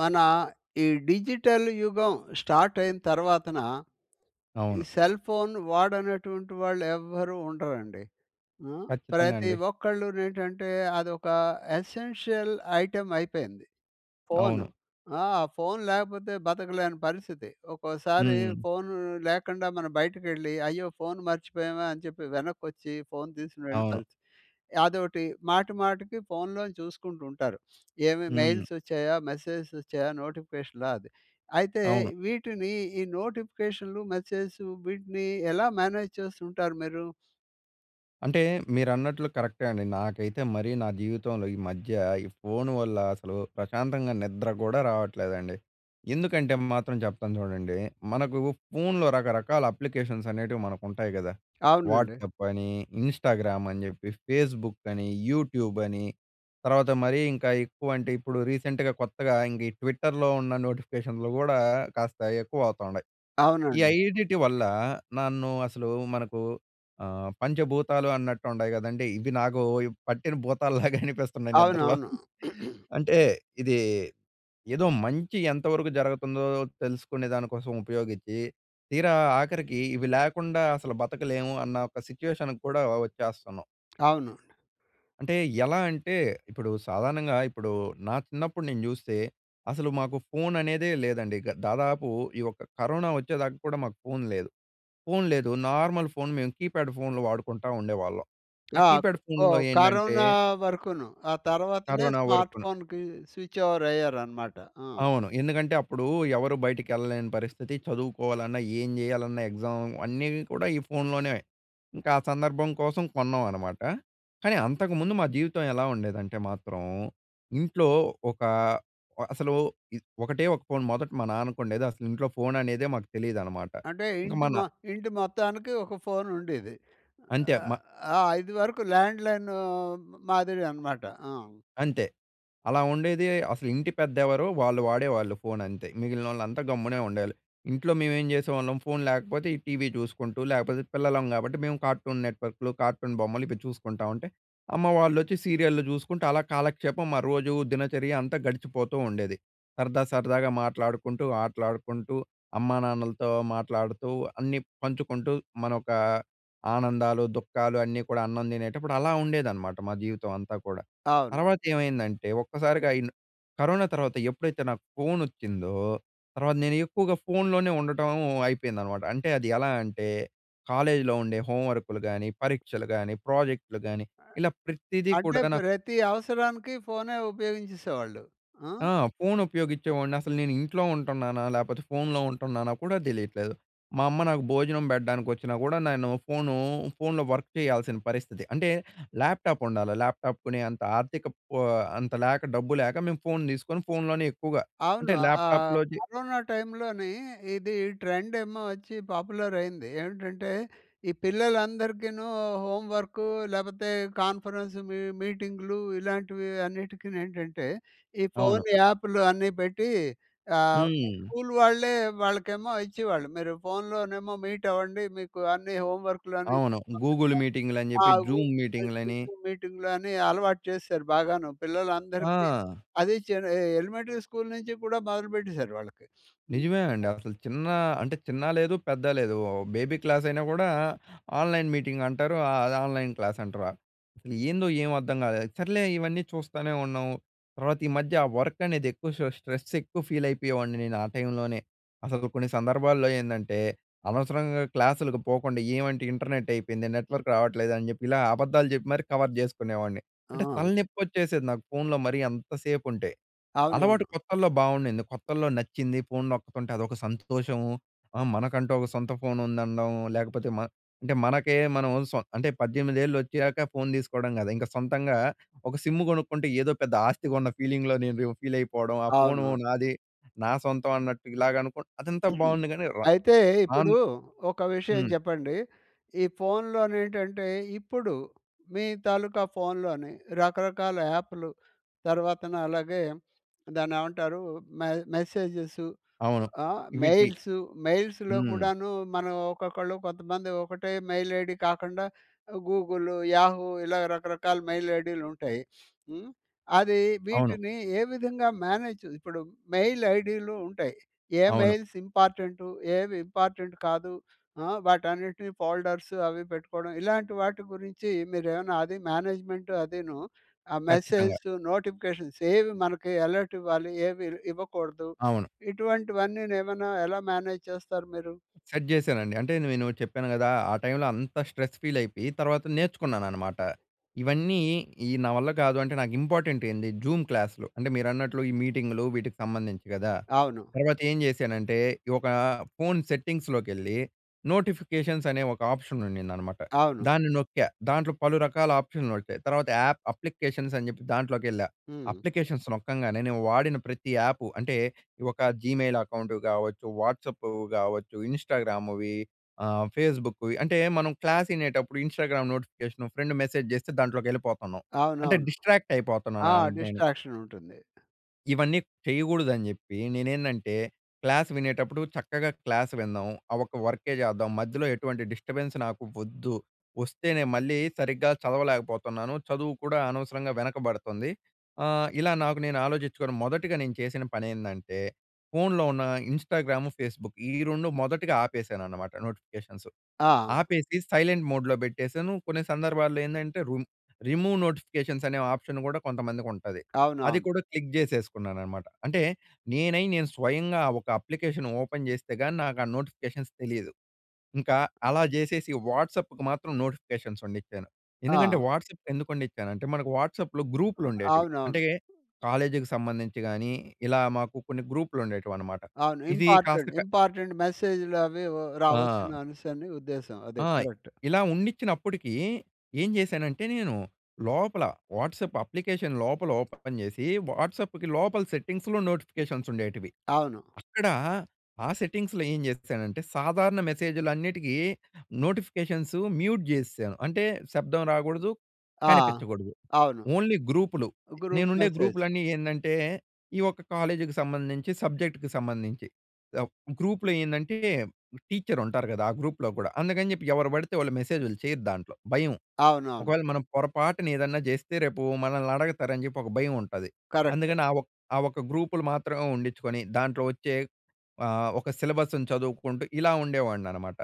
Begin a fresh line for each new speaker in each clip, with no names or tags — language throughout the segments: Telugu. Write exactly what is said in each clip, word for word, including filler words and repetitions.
మన ఈ డిజిటల్ యుగం స్టార్టయిన తర్వాతన ఈ
అవును.
సెల్ ఫోన్ వాడనటువంటి వాళ్ళు ఎవ్వరూ ఉండరండి. ఆ!
ఖచ్చితంగా
ప్రతి
అండి.
ఒక్కళ్ళు నేంటంటే అదొక ఎసెన్షియల్ ఐటెమ్ అయిపోయింది
అవును.
ఫోను. ఆ! ఆ ఫోన్ లేకపోతే బతకలేని పరిస్థితి. ఒకోసారి
హ్మ్.
ఫోన్ లేకుండా మనం బయటకెళ్ళి, అయ్యో! ఫోన్ మర్చిపోయామే అని చెప్పి వెనకొచ్చి, ఫోన్ తీసుకునేళ్ళి
అవును.
కలిసి అదోకటి. మాటి, మాటికి ఫోన్‌లోని చూసుకుంటూ ఉంటారు. ఏమి
హ్మ్.
మెయిల్స్ వచ్చాయా? మెసేజస్ వచ్చాయా? నోటిఫికేషనాది. అయితే
అవును.
వీటిని ఈ నోటిఫికేషన్‌లు, మెసేజసు వీటిని ఎలా మేనేజ్ చేస్తూంటారు మీరు?
అంటే మీరన్నట్లు కరెక్టే అండి. నాకైతే మరీ నా జీవితంలో ఈ మధ్య, ఈ ఫోను వల్ల అసలు ప్రశాంతంగా నిద్ర కూడా రావట్లేదండి. ఎందుకంటే, మాత్రం చెప్తాను చూడండి. మనకు ఫోన్‌లో రకరకాల అప్లికేషన్స్ అనేటివి మనకు ఉంటాయి గదా!
అవునండి.
వాట్సాప్ అని, ఇన్‌స్టా‌గ్రామ్ అని, చెప్పి ఫేస్‌బు‌క్ అని, యూట్యూబ్ అని తర్వాత మరీ ఇంకా ఎక్కువ అంటే, ఇప్పుడు రీసెంట్‍గా కొత్తగా ఇంగా ఈ ట్విట్టర్‍లో ఉన్న నోటిఫికేషన్‌లు కూడా కాస్త ఎక్కువవుతుండాయి. ఈ
అవునండి.
ఐదిటి వల్ల నన్ను అసలు మనకు ఆహ్, పంచభూతాలు అన్నట్టు ఉంటాయి కదండీ! ఇవి నాకు పట్టిన భూతాలులాగా అనిపిస్తున్నాయి నిద్రలో.
అవునవును.
అంటే ఇది ఏదో మంచి ఎంతవరకు జరుగుతుందో తెలుసుకునే దాని కోసం ఉపయోగించి, తీరా ఆఖరికి ఇవి లేకుండా అసలు బతకలేము అన్న ఒక సిట్యుయేషన్ కూడా వచ్చేస్తన్నాం.
అవును అండి.
అంటే ఎలా అంటే? ఇప్పుడు సాధారణంగా ఇప్పుడు నా చిన్నప్పుడు నేను చూస్తే అసలు మాకు ఫోననేదే లేదండి, ఇగ. దాదాపు ఈ యొక్క కరోనా వచ్చేదాకా కూడా మాకు ఫోన్ లేదు. ఫోన్ లేదు, నార్మల్ ఫోన్ మేము కీప్యాడ్ ఫోన్‌లు వాడుకుంటా ఉండేవాళ్ళం. ఆ
ఆక్
కీప్యాడ్ ఫోన్‌లో
ఓహ్!
ఏందంటే
కరోనా వరకును. ఆ తర్వాతనే
కరోనా
స్మార్ట్
వరకున.
ఫోన్‌కి స్విచ్ ఓవర్ అయ్యారనమాట. ఆ!
అవును. ఎందుకంటే అప్పుడు ఎవరు బయటికి వెళ్ళలేని పరిస్థితి. చదువుకోవాలన్నా, ఏం చేయాలన్నా ఎగ్జామ్ అన్నీ కూడా ఈ ఫోన్‍లోనే. ఇంకా ఆ సందర్భం కోసం కొన్నామనమాట. కానీ అంతకుముందు మా జీవితం ఎలా ఉండేదంటే మాత్రం ఇంట్లో ఒక అసలు ఇ ఒకటే ఒక ఫోన్ మొదట మా నాన్నకుండేది. అసలు ఇంట్లో ఫోననేదే మాకు తెలీదు అనమాట.
అంటే
ఇక
ఇంటి
మన
మ ఇంటి మొత్తానికి ఒక ఫోనుండేది.
అంతే మ
ఆహ్, ఇది వరకు లాండ్ లైన్ మాదిరి అనమాట. ఆ!
అంతే. అలా ఉండేది అసలు ఇంటి పెద్ద ఎవరో వాళ్ళు వాడేవాళ్ళు ఫోనంతే. మిగిలినోళ్ళంతా గమ్మునే ఉండేవాళ్ళు. ఇంట్లో మేమేం చేసేవాళ్ళం ఫోన్ లేకపోతే ఈ టీవీ చూసుకుంటూ లేకపోతే పిల్లలం కాబట్టి మేము కార్టూన్ నెట్‍వర్క్‌లు, కార్టూన్ బొమ్మలు ఇపి చూసుకుంటా ఉంటే, అమ్మ వాళ్ళు వచ్చి సీరియల్లు చూసుకుంటే అలా కాలక్షేపం మా రోజు దినచర్య అంతా గడిచిపోతూ ఉండేది. సరదా, సరదాగా మాట్లాడుకుంటూ, ఆటలాడుకుంటూ అమ్మానాన్నలతో మాట్లాడుతూ అన్ని పంచుకుంటూ, మనోక ఆనందాలు, దుఃఖాలు అన్నీ కూడా అన్నం తినేటప్పుడు అలా ఉండేదన్నమాట మా జీవితం అంతా కూడా.
అవును.
తర్వాత ఏమైందంటే ఒక్కసారిగా ఈల్ కరోనా తర్వాత ఎప్పుడైతే నాకు ఫోనోచ్చిందో తర్వాత నేను ఎక్కువగా ఫోన్‌లోనే ఉండటం అయిపోయిందనమాట. అంటే అది ఎలా అంటే కాలేజ్‌లో ఉండే హోమ్ వర్క్‌లు గాని, పరీక్షలు గాని, ప్రాజెక్ట్‌లు గాని ఇలా ప్రతీదీ
అంటే
కూడా నా
ప్రతి అవసరానికి ఫోనే ఉపయోగించేసేవాళ్ళు. ఆ!
ఆ! ఫోన్ ఉపయోగించేవాడిని. అసలు "నేను ఇంట్లో ఉంటున్నానా? లేకపోతే ఫోన్‌లో ఉంటున్నానా?" కూడా తెలియట్లేదు. మా అమ్మ నాకు భోజనం పెట్టడానికొచ్చినా కూడా నేను ఫోను ఫోన్‌లో వర్క్ చేయాల్సిన పరిస్థితి. అంటే ల్యాప్‌టా‌ప్ ఉండాలి. ల్యాప్‌టా‌ప్ కొనే అంత ఆర్థికప్ ఆహ్, అంత లేక, డబ్బు లేక మేము ఫోన్ తీసుకొని ఫోన్‍లోనే ఎక్కువగా.
అవును.
అంటే
ఆ
ల్యాప్‌టా‌ప్‍లోది
కరోనా టైమ్‌లోని ఇది ట్రెండ్ ఏమో వచ్చి పాపులరైంది. ఏంటంటే ఈ పిల్లలందరికీను హోమ్ వర్కు లేకపోతే కాన్ఫరెన్సు మీ మీటింగ్‌లు ఇలాంటివి అన్నిటికినేంటంటే, ఈ
అవును.
ఫోన్ యాప్‌లు అన్ని పెట్టి ఆహ్,
హ్మ్.
స్కూల్ వాళ్ళే వాళ్ళకేమో ఇచ్చేవాళ్ళు. మీరు ఫోన్‌లోనేమో మీట్ అవ్వండి, మీకు అన్ని హోమ్ వర్క్‌లో
అవును. గూగుల్
[unintelligible]
మీటింగ్‌లని చెప్పి
ఆగు
జూమ్ మీటింగ్‌లని.
జూమ్ మీటింగ్‌లు అని అలవాటు చేసేసారు బాగాను పిల్లలందరికి.
ఆ!
అది చిన్న ఎ ఎలిమెంటరీ స్కూల్ నుంచి కూడా మొదలు పెట్టేసారు వాళ్ళకి. హ్మ్.
నిజమే అండి. అసలు చిన్న అంటే చిన్న లేదు పెద్ద లేదు. ఓహ్! బేబీ క్లాసైనా కూడా ఆన్‍లైన్ మీటింగ్ అంటారు. అది ఆన్‍లైన్ క్లాస్ అంటారా? అసలు ఏందో ఏమి అర్థం కాలేదు. సర్లే ఇవన్నీ చూస్తానే ఉన్నాం. తర్వాత ఈ మధ్య వర్క్ అనేది ఎక్కువ షా స్ట్రెస్ ఎక్కువ ఫీల్ అయిపోయేవాడిని నేను ఆ టైమ్‌లోనే. అసలు కొన్ని సందర్భాల్లో ఏందంటే, అనవసరంగా క్లాసులకు పోకుండా ఏమంటే ఇంటర్నెటైపోయింది, నెట్వర్క్ రావట్లేదు అని చెప్పి ఇలా అబద్ధాలు చెప్పి మరి కవర్ చేసుకునేవాడిని. అంటే
ఆ!
తలనేప్పోచ్చేసేది నాకు ఫోన్‍లో మరి అంతసేపు ఉంటే. అలవాటు
అవునవును.
కొత్తల్లో బాగుండింది, కొత్తల్లో నచ్చింది. ఫోన్ నొక్కుతుంటే అదొక సంతోషము. ఆ మనకంటూ ఒక సొంత ఫోన్ ఉందనడం లేకపోతే మన్ అంటే మనకే మనోళ్ళు సొ అంటే పద్దెనిమిదేళ్ళు వోచ్చాక ఫోన్ తీసుకోవడం కాదు. ఇంక సొంతంగా ఒక సిమ్ కొనుక్కుంటే ఏదో పెద్ద ఆస్తి కొన్న ఫీలింగ్‌లో నేను ఫీల్ అయిపోవడం, ఆ ఫోన్
అవును. అవును.
నాది, నా సొంతం అన్నట్టు ఇలాగ అనుకో అదంతా బాగుంది కానీ రా
అయితే
ఆన్
ఇప్పుడు ఒక విషయం
హ్మ్.
చెప్పండి. ఈ ఫోన్‌లోనేంటంటే, ఇప్పుడు మీ తాలూకా ఫోన్‍లోని రకరకాల యాప్‍లు, తర్వాతన అలాగే దాన్ని ఏమంటారు మె మెసేజెసు
అవును.
ఆహ్,
ఇవిటి
మెయిల్సూ మెయిల్స్‌లో
హ్మ్.
కూడాను మనం ఒక్కొక్కళ్ళు కొంతమంది ఒకటే మెయిల్ ఐడీ కాకుండా గూగులు, యాహూ ఇలా రకరకాల మెయిల్ ఐడీలుంటాయి. హ్మ్. అది
అవును.
వీటిని ఏ విధంగా మేనేజ్ ఇప్పుడు మెయిల్ ఐడీలు ఉంటాయి. ఏ
అవును.
Mails important? ఏవి ఇంపార్టెంట్ కాదు? ఆ! వాటన్నిటిని ఫోల్డర్సు అవి పెట్టుకోవడం. ఇలాంటి వాటి గురించి మీరేమైనా అది మేనేజ్‌మెం‌ట్ అదిను, ఆ
ఖచ్చితంగా.
మెసేజ్‌సు, నోటిఫికేషన్స్ ఏవి మనకి అలర్ట్ ఇవ్వాలి? ఏవి ఇవ్వకూడదు?
అవును.
ఇటువంటివన్నీ ఏమన్నా ఎలా మేనేజ్ చేస్తారు మీరు?
సెట్ చేశానండి. అంటే నేను చెప్పాను కదా! ఆ టైమ్‌లో అంత స్ట్రెస్ ఫీలైపోయి తర్వాత నేర్చుకున్నాననమాట. ఇవన్నీ ఈ నావల్ల కాదు అంటే నాకు ఇంపార్టెంటేంది జూమ్ క్లాస్‌లు. అంటే మీరన్నట్లు ఈ మీటింగ్‌లు వీటికి సంబంధించి కదా!
అవును.
తర్వాత ఏం చేశానంటే ఈ ఒక ఫోన్ సెట్టింగ్స్‌లోకెళ్ళి నోటిఫికేషన్స్ అనే ఒక ఆప్షన్ ఉండిదనమాట.
అవును.
దాన్ని నొక్కా, దాంట్లో పలు రకాల ఆప్షన్‌లోచ్చాయి. తర్వాత యాప్ అప్లికేషన్స్ అని చెప్పి దాంట్లోకేళ్ళా,
హ్మ్.
అప్లికేషన్స్ నొక్కంగానే నేను వాడిన ప్రతి యాపు అంటే ఈ ఒక జీమెయిల్ అకౌంట్ కావచ్చు, వాట్సాపు కావచ్చు, ఇంస్టాగ్రామ్‌వి ఆహ్ ఫేస్‌బు‌‌క్‌వి అంటే మనం క్లాస్ ఇనేటప్పుడు ఇంస్టాగ్రామ్ నోటిఫికేషను ఫ్రెండ్ మెసేజ్ జెస్తే దాంట్లోకి వెళ్ళిపోతున్నాం. అంటే
అవునవును.
డిస్ట్రాక్ట్
ఆ!
అయిపోతున్నాను నేను.
డిస్ట్రాక్షన్ ఉంటుంది.
ఇవన్నీ చెయ్యగూడదని జెప్పీ, నేనేందంటే, క్లాస్ వినేటప్పుడు చక్కగా క్లాస్ విందాం. ఆ ఒక్క వర్కే చేద్దాం, మధ్యలో ఎటువంటి డిస్టర్బెన్స్ నాకు ఒద్దు. ఒస్తేనే, మళ్ళీ సరిగ్గా చదవలేకపోతన్నాను, చదువు కూడా అనవసరంగా వెనకబడతంది. ఆహ్, ఇలా నాకు నేను ఆలోచిచ్చుకోని మొదటిగా నేను చేసిన పనేందంటే, ఫోన్‍లో ఉన్న ఇంస్టాగ్రాము, ఫేస్‌బుక్ ఈ రెండు మొదటిగా ఆపేశాననమాట నోటిఫికేషన్సు
ఆ!
ఆపేసీ సైలెంట్ మోడ్‌లో పెట్టేశాను. కొన్ని సందర్భాల్లో ఏందంటే, రుమ్ రిమూవ్ నోటిఫికేషన్స్ అనే ఆప్షన్ గూడా కొంతమందికుంటది. అది
అవునవును.
కూడా, క్లిక్ జేసేసుకున్నాననమాట. అంటే, నేనై, నేను స్వయంగా ఒక అప్లికేషన్ ఓపెన్ చేస్తే గానీ, నాకు ఆ నోటిఫికేషన్స్ తెలీదు. ఇంకా అలా జేసేసీ వాట్సప్‌కి మాత్రం నోటిఫికేషన్సున్నిచ్చాను. ఎందుకంటే,
ఆ!
వాట్సప్‌కి ఎందుకున్నిచ్చానంటే, మనకు వాట్సాప్‌లో గ్రూప్‌లుండేటివి.
అవునవును.
అంటే, కాలేజికి సంబంధించి గానీ, ఇలా మాకు కొన్ని గ్రూప్‌లుండేటివనమాట.
అవును.
ఇదీ కాస్త
ఇంపార్టెంట్
క
ఇంపార్టెంట్ మెసేజులు అవీ ఓ
ఆ!
రావచ్చనేసని ఉద్దేశం. అదే
ఆయ్!
కరక్ట్.
ఇలా ఉన్నిచ్చినప్పుటికీ, ఏం జేశానంటే, నేను లోపల వాట్సాప్ అప్లికేషన్ లోపల ఓపెన్ చేసీ, వాట్సాప్పుకి లోపల సెట్టింగ్స్‌లో నోటిఫికేషన్సుండేటివి.
అవును.
అక్కడా ఆ సెట్టింగ్స్‌లో ఏం జేశానంటే, సాధారణ మెసేజులన్నిటికీ నోటిఫికేషన్సు మ్యూట్ జేసేశాను. అంటే, శబ్దం రాగూడదు,
ఆ!
కనిపిచ్చగూడదు,
అవును.
ఓన్లీ గ్రూపులు.
గ్రూప్
నేనుండే
మెసేజ్.
గ్రూపులన్నీ ఏందంటే, ఈ ఒక్క కాలేజీకి సంబంధించి, సబ్జెక్ట్‌కి సంబంధించి. ఎవ్ గ్రూప్‌లో ఏందంటే, టీచ్చరుంటారు గదా, ఆ గ్రూప్‍లో గూడా, అందుకని చెప్పి ఎవరు పడితే వాళ్ళు మెసేజులు చెయ్యరు దాంట్లో. భయం.
అవునవును.
ఒకవేళ మనం పొరపాటున ఏదన్నా జేస్తే, రేపూ మనల్నడగతారని జెప్పి ఒక భయముంటది.
కరక్టే.
అందుకని ఆ ఒక్ ఆ ఒక్క గ్రూపులు మాత్రమే ఉండిచ్చుకొని, దాంట్లో ఒచ్చే ఆహ్, ఒక సిలబస్సును చదువుకుంటూ, ఇలా ఉండేవాడిననమాట.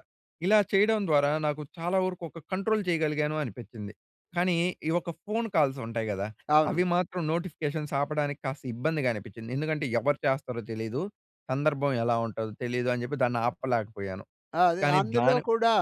ఇలా చెయ్యడం ద్వారా, నాకు చాలా వరుకు ఒక కంట్రోల్ చెయగలిగాను అనిపిచ్చింది. కానీ, ఈ ఒక్క ఫోను కాల్సుంటాయి గదా!
అవును.
అవి మాత్రం నోటిఫికేషన్స్ ఆపడానికి కాస్త ఇబ్బందిగా అనిపిచ్చింది. ఎందుకంటే, ఎవరు చేస్తారో తెలీదు, సందర్భం ఎలా ఉంటదో తెలీదు అని జెప్పి, దాన్ని ఆపలేకపోయాను,
ఆ! అది
కానీ
అందులో
దాని
కూడా,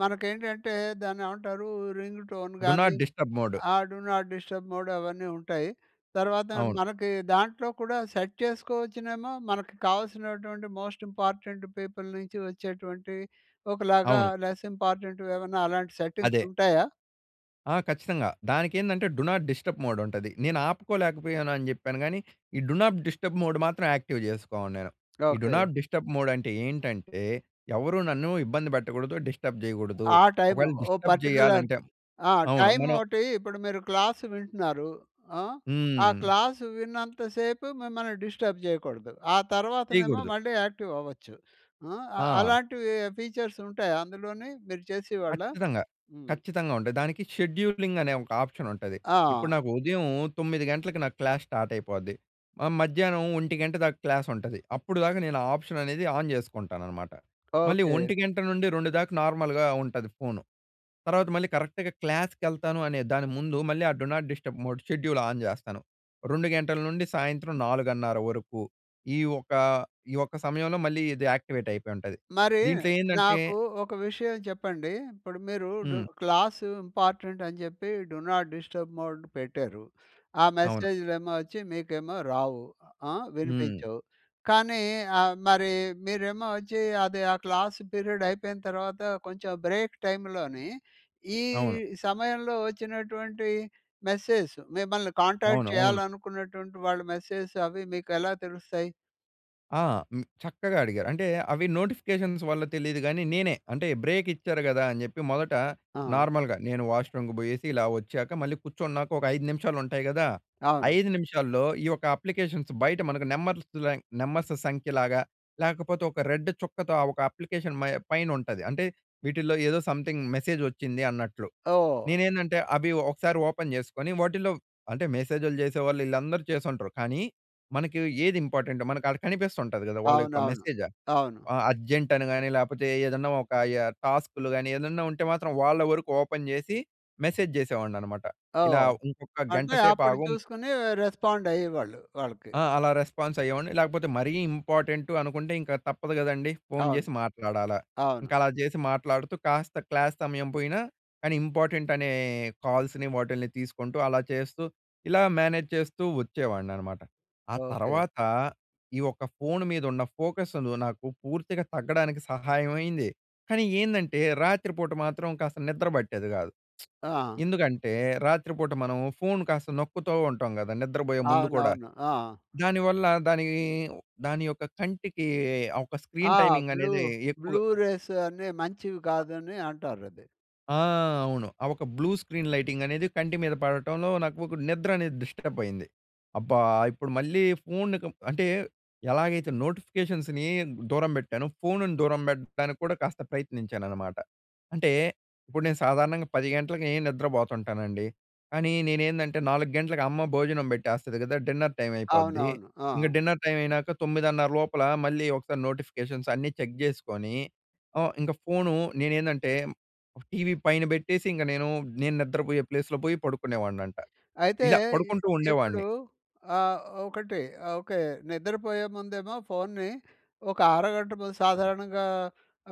మనకేంటంటే, దాన్నేవంటారూ? రింగు టోన్
డు
గానీ,
నాట్ డిస్టర్బ్ మోడు.
ఆ! డు నాట్ డిస్టర్బ్ మోడ్ అవన్నీ ఉంటాయి. తర్వాత
అవును.
మనకి దాంట్లో కూడా, సెట్ చేసుకోవచ్చునేమో. మనకి కావాల్సినటువంటి మోస్ట్ ఇంపార్టెంట్ పీపుల్ నుంచి వచ్చేటువంటియి ఒకలాగా,
అవును.
లెస్ ఇంపార్టెంట్‌వేమన్నా, అలాంటి సెట్టింగ్స్
అదే.
ఉంటాయా?
ఆ! ఖచ్చితంగా. దానికేందంటే డు నాట్ డిస్టర్బ్ మోడ్ ఉంటది. నేను ఆపుకోలేకపోయానని చెప్పాను కానీ, ఈ డు నాట్ డిస్టర్బ్ మోడ్ మాత్రం యాక్టివ్ చేసుకోన్నేను. ఈ do
okay.
Not disturb mode అంటే ఏంటంటే, ఎవరూ నన్ను ఇబ్బంది పెట్టకూడదు. డిస్టర్బ్ చేయకూడదు.
ఆ టైము.
ఒకవేళ
ఓ
డిస్టర్బ్
పర్టిక్యులర్
చేయాలంటే
ఆహ్,
అవును. మనం
టైమోటీ ఇప్పుడు మీరు క్లాస్ వింటున్నారు ఆహ్, ఆ
హ్మ్.
క్లాస్ విన్నంత సేపు మిమ్మల్ని డిస్టర్బ్ చేయకూడదు. ఆ తర్వాతనేమో
చేయకూడదు.
మళ్ళీ యాక్టివ్ అవ్వచ్చు. ఆహ్,
ఆ!
అలాంటివి ఫీచర్స్ ఉంటాయా అందులోనీ? మీరు చేసే వాళ్ళా?
ఖచ్చితంగా.
హ్మ్.
ఖచ్చితంగా ఉంటది. దానికి షెడ్యూలింగ్ అనే ఒక ఆప్షన్ ఉంటది. ఇప్పుడు
ఆ!
నాకు ఉదయం తొమ్మిది గంటలకు నాకు క్లాస్ స్టార్ట్ అయిపోద్ది. ఆహ్, మధ్యాహ్నం ఒంటి గంట దాక క్లాస్ ఉంటది. అప్పుడు దాకా నేను ఆ ఆప్షన్ అనేది ఆన్ చేసుకుంటానన్నమాట. మళ్ళీ
ఓకె.
ఒంటి గంట నుండి రెండు దాకా నార్మల్‍గా ఉంటది ఫోను. తర్వాత మళ్ళీ కరెక్ట్‌గా క్లాస్‌కెళ్తాను అనే దాని ముందు మళ్ళీ ఆ do not disturb mode schedule on చేస్తాను. రెండు గంటల నుండి సాయంత్రం నాలుగున్నర వరకు ఈ ఒక ఈ ఒక్క సమయంలో మళ్ళీ ఇది యాక్టివేట్ అయిపోయుంటది.
మరి
దీంట్లో ఏందంటే
నాకు ఒక విషయం చెప్పండీ. ఇప్పుడు మీరు డు
హ్మ్.
క్లాసు ఇంపార్టెంటని చెప్పి డు నాట్ డిస్టర్బ్ మోడ్ పెట్టారు. ఆ
అవును.
మెసేజ్‌లేమో వచ్చి, మీకేమో రావు ఆహ్,
హ్మ్.
వినిపించవు. కానీ ఆహ్, మరి మీరేమో వచ్చి అది ఆ క్లాస్ పీరియడ్ అయిపోయిన తర్వాత కొంచెం బ్రేక్ టైమ్‌లోనీ ఈ
అవును.
సమయంలో వచ్చినటువంటి మెసేజ్ మిమ్మల్ని కాంటాక్ట్
అవును. అవును.
చేయాలనుకున్నటువంటి వాళ్ళ మెసేజెస్ అవి మీకెలా తెలుస్తాయి?
ఆ! హ్మ్. చక్కగా అడిగారు. అంటే, అవి నోటిఫికేషన్స్ వల్ల తెలీదు గానీ, నేనే, అంటే బ్రేక్ ఇచ్చారు కదా, అని చెప్పి. మొదట
ఆ!
నార్మల్‍గ నేను వాష్ రూమ్‌కి పోయేసి ఇలా వచ్చాక మళ్ళీ కూర్చున్నాక ఒక ఐదు నిమిషాలు ఉంటాయి కదా!
అవును.
ఐదు నిమిషాల్లో ఈ యొక్క అప్లికేషన్స్ బయట మనకు నెంబర్తులే నెంబర్స్ సంఖ్యలాగా, లేకపోతే ఒక రెడ్ చుక్కతో, ఆ ఒక అప్లికేషన్ మై పైనుంటది. అంటే, వీటిలో ఏదో సంథింగ్ మెసేజ్ వచ్చింది అన్నట్లు.
ఓహ్!
నేనేందంటే, అవి ఒకసారి ఓపెన్ చేసుకుని, వాటిలో అంటే మెసేజ్‌లు చేసేవాళ్ళు వీళ్ళందరూ చేసుంటారు. కానీ, మనకి ఏది ఇంపార్టెంటో మనకి ఆడ కనిపిస్తుంటాది కదా! వాళ్ళ యొక్క
అవునవును.
మెసేజ.
అవును.
ఆహ్, అర్జెంట్ అని కానీ, లేపోతే ఏదన్నా ఒక యహ్, టాస్క్‌లు కానీ, ఏదన్నా ఉంటే మాత్రం వాళ్ళ వరకు ఓపెన్ చేసి, మెసేజ్ చేసేవాడ్ని అనమాట. ఇలా
ఓహ్!
ఇంకొక గంట
అంటే,
సేపు
అప్పుడు
ఆగుం
చూసుకుని రెస్పాండ్ అయ్యేవాళ్ళు వాళ్ళకి.
ఆ! అలా రెస్పాన్స్ అయ్యేవాడ్ని. లేకపోతే మరీ ఇంపార్టెంటు అనుకుంటే, ఇంక తప్పదు కదండీ. ఫోన్
అవును.
చేసి మాట్లాడాల.
అవును.
ఇంకలా చేసి మాట్లాడుతూ, కాస్త క్లాస్ సమయం పోయిన కానీ, ఇంపార్టెంట్ అనే కాల్స్‌ని వాటిల్ని తీసుకుంటూ, అలా చేస్తూ, ఇలా మేనేజ్ చేస్తూ వచ్చేవాడ్ని అన్నమాట. ఆ
ఓకే.
తర్వాత ఈ ఒక్క ఫోన్ మీద ఉన్న ఫోకస్ను నాకు పూర్తిగా తగ్గడానికి సహాయం అయింది. కానీ ఏందంటే, రాత్రిపూట మాత్రం కాస్త నిద్ర పట్టేది కాదు.
ఆ!
ఎందుకంటే, రాత్రిపూట మనం ఫోన్ కాస్త నొక్కుతూ ఉంటాం కదా! నిద్రపోయే ముందు కూడ.
అవునవును. ఆ!
దాని వల్ల దాని, దాని యొక్క కంటికి ఆహ్, ఒక స్క్రీన్
ఆ!
టైమింగ్
బ్లూ
అనేది ఎక్కువ
బ్లూ రేస్ అని మంచివి
అ
కాదని అంటారది.
ఆ! అవును. ఆ ఒక బ్లూ స్క్రీన్ లైటింగ్ అనేది కంటి మీద పడటంలో నాకు ఒక నిద్ర అనేది డిస్టర్బ్ అయింది. అబ్బా! ఇప్పుడు మళ్ళీ ఫోన్‌కు అంటే, ఎలాగైతే నోటిఫికేషన్స్‌ని దూరం పెట్టానో, ఫోన్‌ని దూరం పెట్టడానికి కూడా కాస్త ప్రయత్నించాను అన్నమాట. అంటే, ఇప్పుడు నేను సాధారణంగా పది గంటలకి నిద్రపోతుంటానండి. కానీ నేనేందంటే, నాలుగు గంటలకు అమ్మ భోజనం పెట్టేస్తది కదా! డిన్నర్ టైమ్ అయిపోద్ది.
అవునవును.
ఇంగా
ఆ!
డిన్నర్ టైమ్ అయినాక తొమ్మిదన్నర లోపల మళ్ళీ ఒకసారి నోటిఫికేషన్స్ అన్నీ చెక్ చేసుకొని, హ్మ్. ఇంక ఫోన్ నేనేందంటే, టీవీ పైన పెట్టేసి ఇంక నేను. నేను నిద్రపోయే ప్లేస్‌లో పోయి పడుకునేవాడిని అంటా.
అయితే
ఇలా
ఇ
పడుకుంటూ
ఇప్పుడు
ఉండేవాడిని.
ఆ ఒకటి. ఓకే. నిద్రపోయే ముందుఏమో ఫోన్‌ని, ఒక అరగంట ముందు సాధారణంగా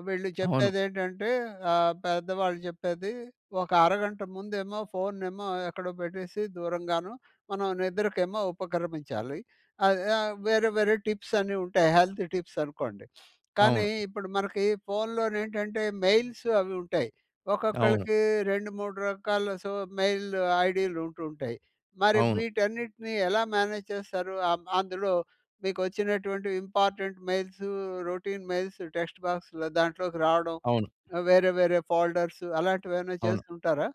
వీళ్ళు
అవును.
చెప్పేది ఏంటంటే, ఆహ్, పెద్దవాళ్ళు చెప్పేది. ఒక అరగంట ముందుఏమో, ఫోన్‌ను ఏమో, ఎక్కడో పెట్టేసి దూరంగాను మనం నిద్రకేమో ఉపక్రమించాలి. ఆ ఆహ్, వేరే వేరే టిప్స్ అన్ని ఉంటాయి. హెల్త్ టిప్స్ అనుకోండి. కానీ
అవును.
ఇప్పుడు మనకి ఫోన్‌లో ఏంటంటే మెయిల్స్ అవి ఉంటాయి.
అవును.
ఒక్కొక్కళ్ళకి రెండు మూడు రకాల సో, మెయిల్ ఐడీలు ఉంటూ ఉంటాయి. మరి
అవును.
వీటన్నిటిని ఎలా మేనేజ్ చేస్తారు. అ అందులో మీకు వచ్చినటువంటి important mails, routine mails. Text బాక్స్‌లో దాంట్లోకి రావడం.
అవును.
వేరే వేరే ఫోల్డర్స్. అలాంటివి ఏమైనా
అవును.
చేస్తూ ఉంటారా?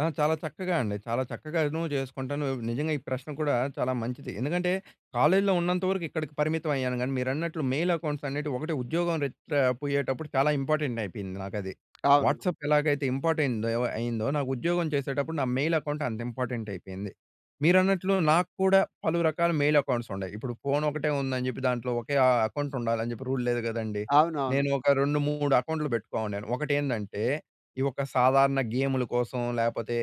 ఆ! చాలా చక్కగా అండి. చాలా చక్కగాను చేసుకుంటాను. నిజంగా. ఈ ప్రశ్న కూడా చాలా మంచిది. ఎందుకంటే, కాలేజీలో ఉన్నంతవరకు ఇక్కడికి పరిమితం అయ్యాను కానీ, మీరన్నట్లు మెయిల్ అకౌంట్స్ అనేటివి ఒకటే ఉద్యోగం టా పోయేటప్పుడు చాలా ఇంపార్టెంట్ అయిపోయింది నాకు అది.
అవును.
వాట్సాప్ ఎలాగైతే ఇంపార్టెంట్ అయిందో. నాకు ఉద్యోగం చేసేటప్పుడు నా మెయిల్ అకౌంట్ అంత ఇంపార్టెంట్ అయిపోయింది. మీరన్నట్లు నాకు కూడా పలు రకాల మెయిల్ అకౌంట్స్ ఉన్డాయ్. ఇప్పుడు ఫోన్ ఒకటే ఉందని చెప్పి. దాంట్లో ఒకే అకౌంట్ ఉండాలి అని చెప్పి రూల్ లేదు కదండీ.
అవునవును.
నేను ఒక రెండు, మూడు అకౌంట్‌లు పెట్టుకొఉండాను. ఒకటి ఏందంటే ఈ ఒక సాధారణ గేమ్‌లు కోసం లేకపోతే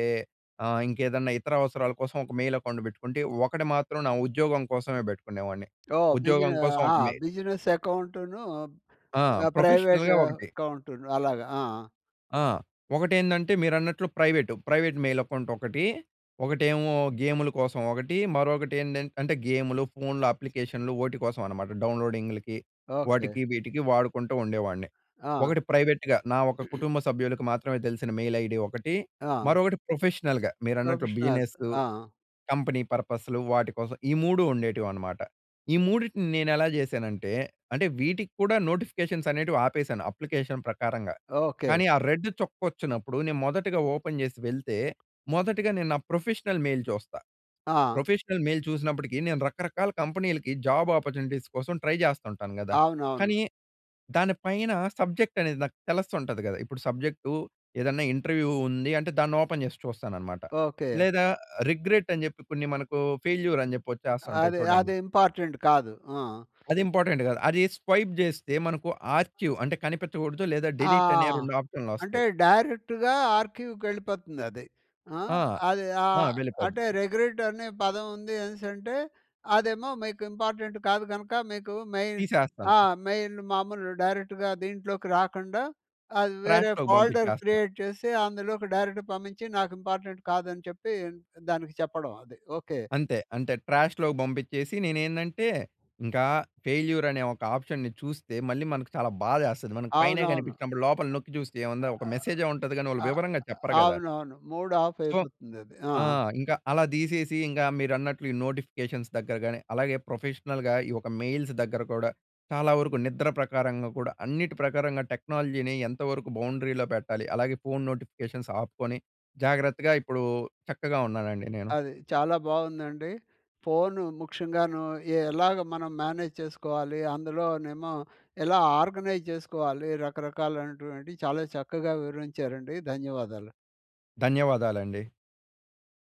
ఆహ్, ఇంకేదన్నా ఇతర అవసరాల కోసం ఒక మెయిల్ అకౌంట్ పెట్టుకుంటే. ఒకటి మాత్రం నా ఉద్యోగం కోసమే పెట్టుకునేవాడిని.
ఓహ్! బీజి
ఉద్యోగం కోసం
ఆ!
ఒక మెయిల్.
బిజినెస్ అకౌంటును,
ఆ!
ప్రైవేట్
ప్రొఫెషనల్‌గా ఒకటి.
అకౌంటును అలాగ. ఆ!
ఆ! ఒకటి ఏందంటే మీరన్నట్లు ప్రైవేట్. ప్రైవేట్ మెయిల్ అకౌంట్ ఒకటి. ఒకటేమో గేములు కోసం ఒకటి. మరొకటి ఏందంటే అంటే గేములు, ఫోన్‌లు అప్లికేషన్లు ఓటి కోసం అనమాట డౌన్లోడింగ్‌లకి
ఓకే.
వాటికి వీటికి వాడుకుంటూ ఉండేవాడిని.
ఆ!
ఒకటి ప్రైవేట్‌గా నా ఒక కుటుంబ సభ్యులకు మాత్రమే తెలిసిన మెయిల్ ఐడీ ఒకటి.
ఆ!
మరొకటి ప్రొఫెషనల్‌గా మీరన్నట్లు
ప్రొఫెషనల్స్.
బిజినెస్
ఆ!
కంపెనీ పర్పస్‌లు వాటి కోసం ఈ మూడు ఉండేటివి అనమాట. ఈ మూడిటిని నేను ఎలా చేశానంటే, అంటే వీటికి కూడా నోటిఫికేషన్స్ అనేటివి ఆపేసాను. అప్లికేషన్ ప్రకారంగా.
ఓకే.
కానీ ఆ రెడ్ చుక్క వచ్చినప్పుడు నేను మొదటిగా ఓపెన్ చేసి వెళ్తే, మొదటిగా నేను నా ప్రొఫెషనల్ మెయిల్ చూస్తా.
ఆ!
ప్రొఫెషనల్ మెయిల్ చూసినప్పటికీ నేను రకరకాల కంపెనీలకి జాబ్ అపార్చునిటీస్ కోసం ట్రై చేస్తుంటాను కదా!
అవునవును.
కానీ, దాని పైన సబ్జెక్ట్ అనేది నాకు తెలుస్తుంటది కదా. ఇప్పుడు సబ్జెక్టూ ఏదన్నా ఇంటర్వ్యూ ఉంది అంటే దాన్ని ఓపెన్ చేసి చూస్తాననమాట.
ఓకే.
లేదా రిగ్రెట్ అని చెప్పి కొన్ని మనకు ఫెయిల్యూర్ అని చెప్పి వచ్చేస్తా ఉంటాయి
అదే
చూడండి.
అదే ఇంపార్టంట్ కాదు. ఆ!
అది ఇంపార్టెంట్ కాదు. అది స్వైప్ చేస్తే మనకు ఆర్చీవ్ అంటే కనిపించకూడదు. లేదా
ఆ!
డిలీట్ అనే రెండు ఆప్షన్‌లు
అంటే
వస్తాయి.
డైరెక్ట్‌గా ఆర్‌క్యూకి వెళ్ళిపోతుంది అది. ఆ!
ఆ!
అది
ఆ!
ఆహ్,
వెళ్ళిపోద్ది.
అంటే రెగ్రెట్ అనే పదం ఉంది అనేసి అంటె, అదేమో మీకు ఇంపార్టెంట్ కాదు కనుక మీకు మెయిన్
తీసేస్తాను.
ఆ! మెయిన్ మామూలు డైరెక్ట్‌గా దీంట్లోకి రాకుండా. అది వేరే
ట్రాష్‌లోకి
ఫోల్డర్
పంపించేస్తా.
క్రియేట్ చేసి అందులోకి డైరెక్ట్ పంపించి. నాకు ఇంపార్టెంట్ కాదని చెప్పి దానికి చెప్పడం అది. ఓకే.
అంతే అంతే ట్రాష్‌లోకి పంపించేసి నేనేందంటే ఇంకా ఫెయిల్యూర్ అనే ఒక ఆప్షన్‌ని చూస్తే మళ్ళీ మనకు చాలా బాధ వేస్తుంది. మన పైనే
అవునవును.
కనిపించినప్పుడు లోపల నొక్కి చూస్తే ఏముంది. ఒక మెసేజ్ ఉంటది కానీ వాళ్ళు వివరంగా చెప్పరు కదా!
అవునవును. మూడ్ ఆఫ్
సో,
అయిపోతుందది. ఆ!
ఆ! ఇంకా అలా తీసేసి ఇంకా మీరన్నట్లు ఈ నోటిఫికేషన్స్ దగ్గరగాని, అలాగే ప్రొఫెషనల్‌గా ఈ యొక్క మెయిల్స్ దగ్గర కూడా. చాలా వరకు నిద్ర ప్రకారంగా కూడా అన్నిటి ప్రకారంగా టెక్నాలజీని ఎంతవరకు బౌండరీలో పెట్టాలి, అలాగే ఫోన్ నోటిఫికేషన్స్ ఆపుకొని జాగ్రత్తగా ఇప్పుడు చక్కగా ఉన్నానండి నేను.
అది. చాలా బాగుందండి. ఫోన్ ముఖ్యంగాను, ఎలాగ మనం మేనేజ్ చేసుకోవాలి? అందులోనేమో ఎలా ఆర్గనైజ్ చేసుకోవాలి, రకరకాలైనటువంటి చాలా చక్కగా వివరించారండి. ధన్యవాదాలు.
ధన్యవాదాలండి.